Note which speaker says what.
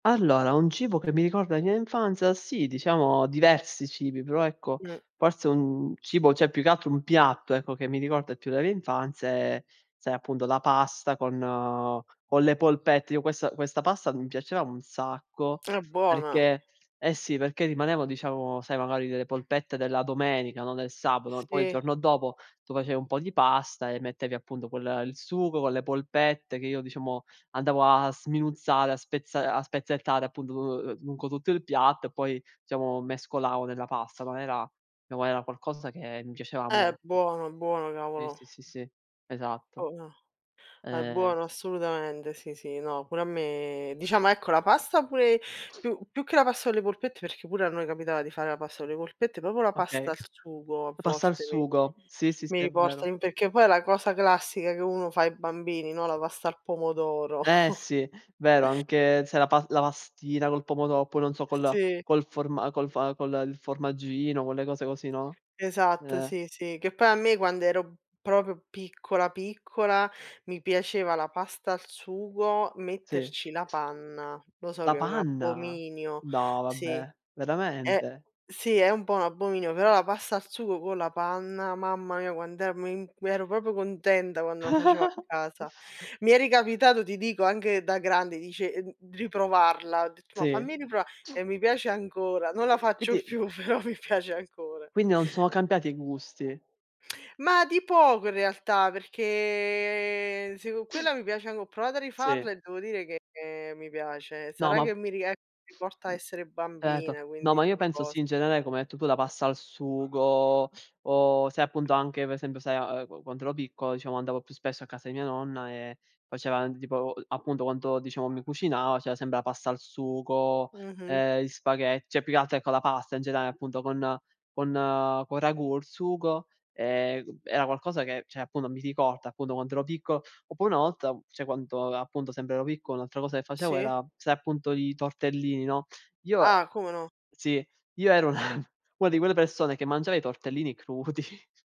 Speaker 1: Allora, un cibo che mi ricorda la mia infanzia: sì diciamo diversi cibi, però, ecco,
Speaker 2: Mh.
Speaker 1: forse è un cibo, cioè più che altro un piatto, ecco che mi ricorda più della mia infanzia è, sai, appunto la pasta con con le polpette. Io questa questa pasta, mi piaceva un sacco
Speaker 2: È buona.
Speaker 1: perché eh sì, perché rimanevo diciamo, sai, magari delle polpette della domenica, no, del sabato, poi il
Speaker 2: Si.
Speaker 1: giorno dopo tu facevi un po' di pasta e mettevi appunto, quel il sugo con le polpette che io, diciamo, andavo a sminuzzare, a spezza a spezzettare appunto, uhm, lungo tutto il piatto e poi, diciamo, mescolavo nella pasta, ma era no, ma era qualcosa che mi piaceva
Speaker 2: Eh,
Speaker 1: molto.
Speaker 2: buono, buono,
Speaker 1: Sì,
Speaker 2: cavolo!
Speaker 1: sì, sì, sì, esatto.
Speaker 2: Oh no! È
Speaker 1: Ehm
Speaker 2: buono assolutamente, sì, sì, no. Pure a me diciamo, ecco la pasta pure più più che la pasta con le polpette, perché pure a noi capitava di fare la pasta con le polpette, proprio la pasta
Speaker 1: Okay,
Speaker 2: al
Speaker 1: la
Speaker 2: sugo a
Speaker 1: pasta al
Speaker 2: volte mi
Speaker 1: sugo. Sì, sì, sì,
Speaker 2: mi
Speaker 1: è vero.
Speaker 2: riporta in perché poi è la cosa classica che uno fa ai bambini, no, la pasta al pomodoro.
Speaker 1: Eh sì. Vero anche se la pa la pastina col pomodo poi non so col
Speaker 2: Sì.
Speaker 1: col forma col fa con il formaggino, quelle le cose così, no,
Speaker 2: Esatto,
Speaker 1: eh
Speaker 2: sì, sì. Che poi a me, quando ero proprio piccola, piccola, mi piaceva la pasta al sugo
Speaker 1: Sì.
Speaker 2: metterci la panna. Lo so
Speaker 1: La
Speaker 2: che è un
Speaker 1: panna!
Speaker 2: abominio,
Speaker 1: No
Speaker 2: sì.
Speaker 1: vabbè!
Speaker 2: E
Speaker 1: Veramente?
Speaker 2: sì è un po' un abominio, però la pasta al sugo con la panna, mamma mia quant'è mi mi ero proprio contenta quando lo facevo a casa. Mi è ricapitato, ti dico anche da grande, dice ehm, riprovarla, ho detto: "Ma
Speaker 1: Sì.
Speaker 2: fammi riprova" e mi piace ancora, non la
Speaker 1: Uhm,
Speaker 2: faccio
Speaker 1: quindi
Speaker 2: più, però mi piace ancora.
Speaker 1: quindi non sono cambiati i gusti?
Speaker 2: Ma di poco in realtà, perché sì, co' quella mi piace anco anche ho provato a
Speaker 1: Sì.
Speaker 2: rifarla e devo dire che mi piace,
Speaker 1: No,
Speaker 2: sarà
Speaker 1: ma
Speaker 2: che mi rie mi porta a essere
Speaker 1: certo.
Speaker 2: bambina,
Speaker 1: No,
Speaker 2: quindi
Speaker 1: ma io
Speaker 2: una
Speaker 1: penso sì,
Speaker 2: cos
Speaker 1: in genere, come hai detto tu, la pasta al sugo o se appunto anche per esempio, sai a a quando ero piccolo diciamo andavo più spesso a casa di mia nonna e faceva tipo, appunto, quando diciamo mi cucinava, c'era sempre la pasta al sugo,
Speaker 2: Mh-mh.
Speaker 1: ehm, gli spaghe cioè più che altro ecco la pasta in genera appunto con con con il ragù il sugo, ehm, era qualcosa che cioè appunto, mi ricorda appunto, quando ero piccolo. Oppure una volta, cioè quando, appunto, sempre ero piccolo, un'altra cosa che facevo
Speaker 2: Sì.
Speaker 1: era: sai, appunto i tortellini, no, io
Speaker 2: Ah, come no.
Speaker 1: sì, io ero una di quelle persone che mangiava i tortellini crudi